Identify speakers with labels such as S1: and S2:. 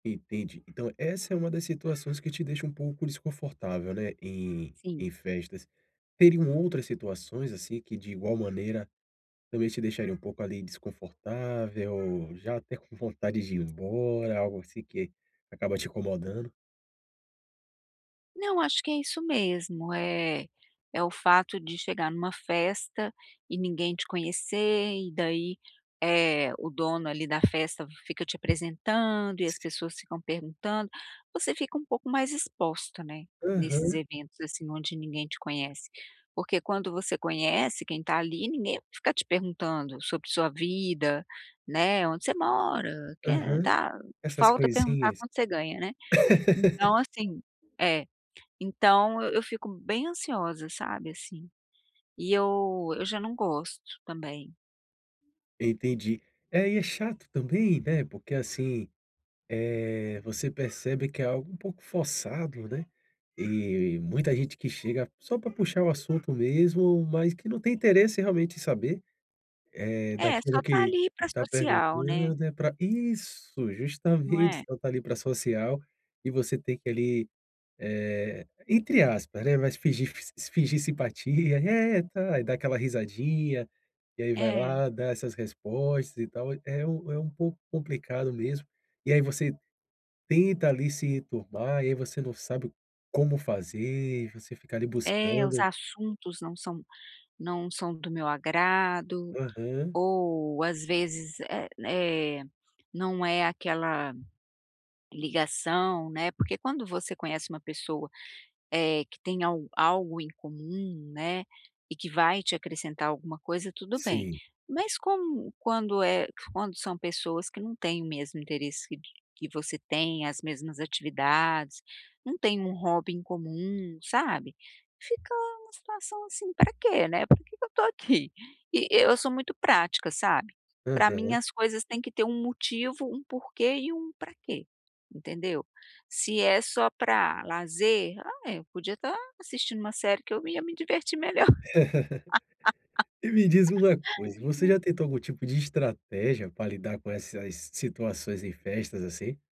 S1: Entendi, então essa é uma das situações que te deixa um pouco desconfortável, né, em
S2: Sim.
S1: em festas. Teriam outras situações, assim, que de igual maneira, também te deixaria um pouco ali desconfortável, já até com vontade de ir embora, algo assim que acaba te incomodando?
S2: Não, acho que é isso mesmo, eh, é o fato de chegar numa festa e ninguém te conhecer e daí, eh, o dono ali da festa fica te apresentando, e as pessoas ficam perguntando. Você fica um pouco mais exposta, né, nesses
S1: Aham.
S2: eventos, assim, onde ninguém te conhece. Porque quando você conhece quem tá ali, ninguém vai ficar te perguntando sobre sua vida, né, onde você mora, quem é,
S1: Aham,
S2: tal.
S1: essas
S2: Falta perguntar
S1: coisinhas.
S2: quanto você ganha, né. Então, assim é então eu fico bem ansiosa, sabe, assim, e eu eu já não gosto também.
S1: Entendi, é e é chato também, né, porque, assim, eh, você percebe que é algo um pouco forçado, né. E muita gente que chega só pra puxar o assunto mesmo, mas que não tem interesse realmente em saber, eh,
S2: É,
S1: daquilo
S2: só tá
S1: que
S2: ali para
S1: tá
S2: social, né?
S1: perguntando, é pra isso,
S2: Não
S1: justamente,
S2: é?
S1: só tá ali para social, e você tem que ali, eh, entre aspas, né, mas fingir se fingir simpatia, eh, tá e da aquela risadinha, e aí vai
S2: É.
S1: lá, dá essas respostas e tal, é um é um pouco complicado mesmo. E aí, você tenta ali se enturmar, e aí você não sabe como fazer, você fica ali
S2: É, os
S1: buscando.
S2: assuntos não são não são do meu agrado,
S1: Aham.
S2: ou as vezes, eh eh, não é aquela ligação, né. Porque quando você conhece uma pessoa, eh, que tem al algo em comum, né, e que vai te acrescentar alguma coisa, tudo bem,
S1: Sim.
S2: mas como quando é quando são pessoas que não têm o mesmo interesse que de que você tem, as mesmas atividades, não têm um hobby em comum, sabe, fica uma situação, assim, pra quê né? Por que que eu tô aqui? E eu sou muito prática, sabe, pra mim
S1: Aham.
S2: as coisas têm que ter um motivo, um porquê e um pra quê, entendeu? Se é só pra lazer, ah, é eu podia tá assistindo uma série que eu ia me divertir melhor.
S1: E me diz uma coisa, você já tentou algum tipo de estratégia pra lidar com essas situações em festas assim?